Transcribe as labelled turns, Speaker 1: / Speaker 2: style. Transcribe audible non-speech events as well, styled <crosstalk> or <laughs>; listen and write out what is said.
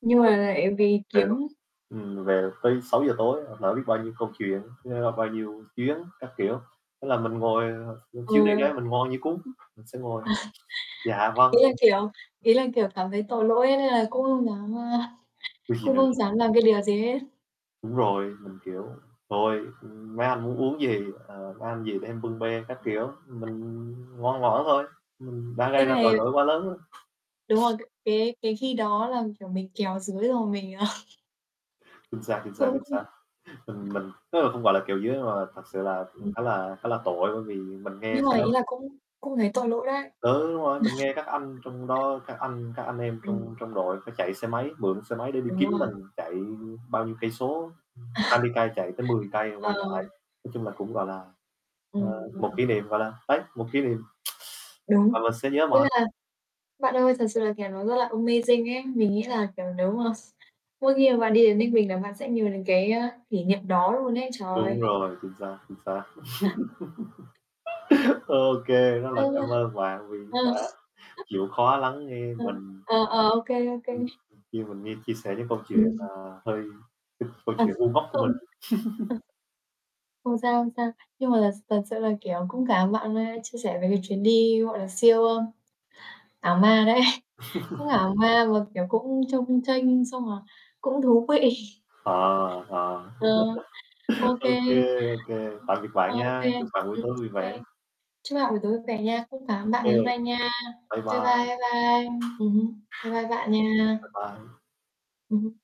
Speaker 1: Nhưng
Speaker 2: Ừ,
Speaker 1: mà lại vì
Speaker 2: hiểu.
Speaker 1: kiếm
Speaker 2: Ừm, về tới 6:00 tối lỡ biết bao nhiêu công chuyện, nhớ bao nhiêu chuyến, các kiểu. Thế là mình ngồi ờ, ừm, chuyến đi
Speaker 1: Ừ.
Speaker 2: đó mình ngoan như cún, mình sẽ ngồi: "dạ,
Speaker 1: <chuckles> Ý
Speaker 2: vâng"
Speaker 1: là
Speaker 2: <unintelligible>
Speaker 1: kiểu ý là, kiểu, cảm thấy tội lỗi nên là cũng không dám, a, <chuckles>
Speaker 2: Chứ gì
Speaker 1: cũng
Speaker 2: nữa.
Speaker 1: không dám làm cái điều gì hết.
Speaker 2: Đúng rồi, mình kiểu: "Thôi, ưm, mấy anh muốn uống gì, ờ, mấy anh gì để em bưng bê" các kiểu. Mình ngoan ngoãn thôi, ừm, đã gây
Speaker 1: Cái
Speaker 2: ra
Speaker 1: này
Speaker 2: tội lỗi quá lớn á.
Speaker 1: Đúng rồi, c cái cái khi đó là, kiểu, mình kéo dưới rồi mình à
Speaker 2: Chính xác, chính xác,
Speaker 1: Cũng
Speaker 2: chính
Speaker 1: không
Speaker 2: xác. Mình mình tức là không gọi là kèo dưới nhưng mà thật sự là, ừm,
Speaker 1: Ừm.
Speaker 2: khá là khá là tội bởi vì mình nghe
Speaker 1: Nhưng
Speaker 2: sau
Speaker 1: mà ý
Speaker 2: đó
Speaker 1: là cũng cũng thấy tội lỗi đấy.
Speaker 2: Ừ, đúng rồi, mình nghe các anh
Speaker 1: <chuckles>
Speaker 2: trong đó, các anh các anh em
Speaker 1: Ừm.
Speaker 2: trong trong đội phải chạy xe máy, mượn xe máy để đi
Speaker 1: Đúng
Speaker 2: kiếm
Speaker 1: rồi.
Speaker 2: mình. Chạy bao nhiêu cây số, ừm, hai
Speaker 1: <chuckles>
Speaker 2: mươi cây, chạy tới 10 cây
Speaker 1: Ờ.
Speaker 2: quay lại. Nói chung là cũng, gọi là, ờ,
Speaker 1: Ừm,
Speaker 2: một
Speaker 1: ừm.
Speaker 2: kỷ niệm, gọi là, đấy, một kỷ niệm <sucks teeth> và
Speaker 1: Đúng,
Speaker 2: mình sẽ nhớ
Speaker 1: nghĩa
Speaker 2: mãi.
Speaker 1: là bạn ơi thật sự là kẻ nó rất là amazing ấy, mình nghĩ là, kiểu, nếu mà s mỗi khi mà bạn đi đến Ninh Bình là bạn sẽ nhớ đến cái, a, kỷ niệm đó luôn ấy trời.
Speaker 2: Đúng rồi, chính xác, chính xác.
Speaker 1: <chuckles>
Speaker 2: <laughs> Ô kê, rất
Speaker 1: Ấy
Speaker 2: là
Speaker 1: da!
Speaker 2: cảm ơn bạn vì
Speaker 1: À.
Speaker 2: đã
Speaker 1: <chuckles>
Speaker 2: chịu khó lắng nghe
Speaker 1: Ờ,
Speaker 2: mình.
Speaker 1: ờ, ờ, ô kê, ô kê.
Speaker 2: Ừm, khi mình nghe chia sẻ những câu chuyện,
Speaker 1: Ừm.
Speaker 2: à, hơi <chuckles> câu
Speaker 1: À,
Speaker 2: chuyện ngu ngốc của mình.
Speaker 1: không. Ờ.
Speaker 2: <chuckles>
Speaker 1: Không sao, không sao, nhưng mà là s thật sự là, kiểu, cũng cảm bạn nay chia sẻ về cái chuyến đi, gọi là, siêu, ơ, ảo ma đấy, cũng
Speaker 2: <laughs>
Speaker 1: ảo ma mà, kiểu, cũng chông chênh xong, à, cũng thú vị.
Speaker 2: Ờ, ờ,
Speaker 1: Ừm. Ờ, ô
Speaker 2: <laughs> ô
Speaker 1: kê.
Speaker 2: kê, ô kê,
Speaker 1: Ừm,
Speaker 2: tạm biệt bạn
Speaker 1: ơ, ô kê,
Speaker 2: nha. Chúc bạn buổi
Speaker 1: ừm,
Speaker 2: tối vui
Speaker 1: kê.
Speaker 2: vẻ.
Speaker 1: Chúc bạn buổi tối vẻ nha, cũng cảm
Speaker 2: Ô
Speaker 1: ơn bạn
Speaker 2: kê.
Speaker 1: ngày hôm nay nha.
Speaker 2: Bye
Speaker 1: Bye bye,
Speaker 2: bye.
Speaker 1: bye bye. Ừm hứm, bye bye bạn nha.
Speaker 2: Bye bye.
Speaker 1: Ừm hứm.